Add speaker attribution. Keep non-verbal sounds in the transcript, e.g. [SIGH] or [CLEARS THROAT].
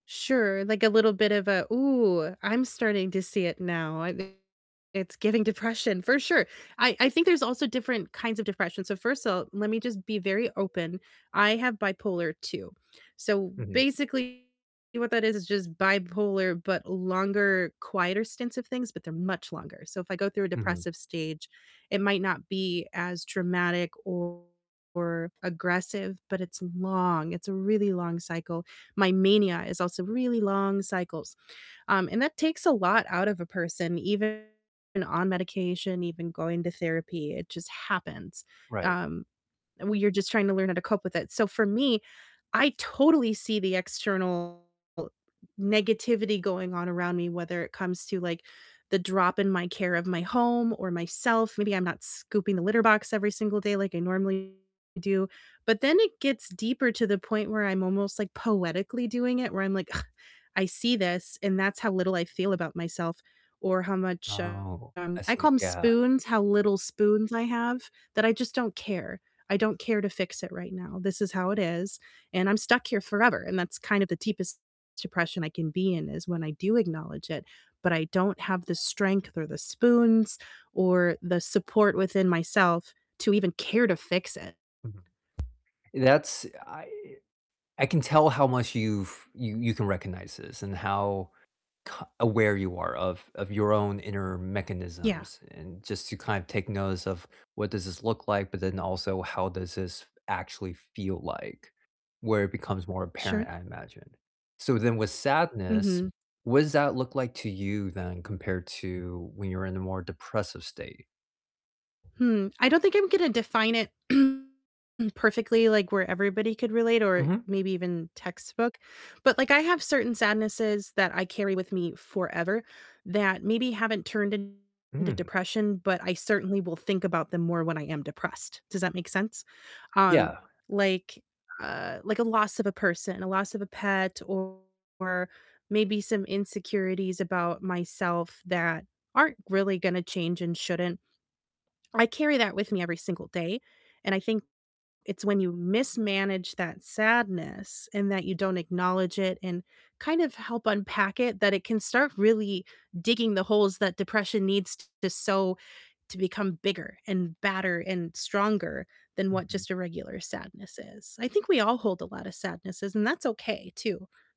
Speaker 1: Sure, like a little bit of a, "Ooh, I'm starting to see it now, I think it's giving depression," for sure, I I think there's also different kinds of depression, so first of all, let me just be very open, I have bipolar II, so
Speaker 2: Mhm.
Speaker 1: basically what that is is just bipolar, but longer, quieter stints of things, but they're much longer, so if I go through a
Speaker 2: Mhm.
Speaker 1: depressive stage, it might not be as dramatic or aggressive, but it's long it's a really long cycle, my mania is also really long cycles, um, and that takes a lot out of a person, even on medication, even going to therapy, it just happens,
Speaker 2: Right.
Speaker 1: um, and when you're just trying to learn how to cope with it, so for me, I totally see the external negativity going on around me, whether it comes to, like, the drop in my care of my home or myself, maybe I'm not scooping the litter box every single day like I normally do, but then it gets deeper to the point where I'm almost, like, poetically doing it, where I'm like, "Ugh, I see this," and that's how little I feel about myself or how much,
Speaker 2: Oh,
Speaker 1: um
Speaker 2: I
Speaker 1: I
Speaker 2: see,
Speaker 1: call 'em
Speaker 2: yeah.
Speaker 1: spoons, how little spoons I have, that I just don't care, I don't care to fix it right now, this is how it is, and I'm stuck here forever, and that's kind of the deepest depression I can be in, is when I do acknowledge it, but I don't have the strength, or the spoons, or the support within myself to even care to fix it.
Speaker 2: Mhm, that's I I can tell how much you've you you can recognize this and how c aware you are of of your own inner
Speaker 1: Yeah.
Speaker 2: mechanisms and just to kind of take notice of what does this look like, but then also how does this actually feel like, where it becomes more apparent,
Speaker 1: Sure.
Speaker 2: I imagine, so then with sadness,
Speaker 1: Mhm.
Speaker 2: what does that look like to you then compared to when you're in a more depressive state?
Speaker 1: Hmm, I don't think I'm gonna define it [CLEARS THROAT] perfectly, like where everybody could relate or
Speaker 2: Mhm.
Speaker 1: maybe even textbook, but, like, I have certain sadnesses that I carry with me forever that maybe haven't turned into
Speaker 2: Mm.
Speaker 1: depression, but I certainly will think about them more when I am depressed, does that make sense? Um,
Speaker 2: Yeah.
Speaker 1: like, uh, like a loss of a person, a loss of a pet, or maybe some insecurities about myself that aren't really gonna change and shouldn't, I carry that with me every single day, and I think it's when you mismanage that sadness, and that you don't acknowledge it, and kind of help unpack it, that it can start really digging the holes that depression needs to sow to become bigger, and badder, and stronger than what
Speaker 2: Mhm.
Speaker 1: just a regular sadness is, I think we all hold a lotta sadnesses, and that's okay too.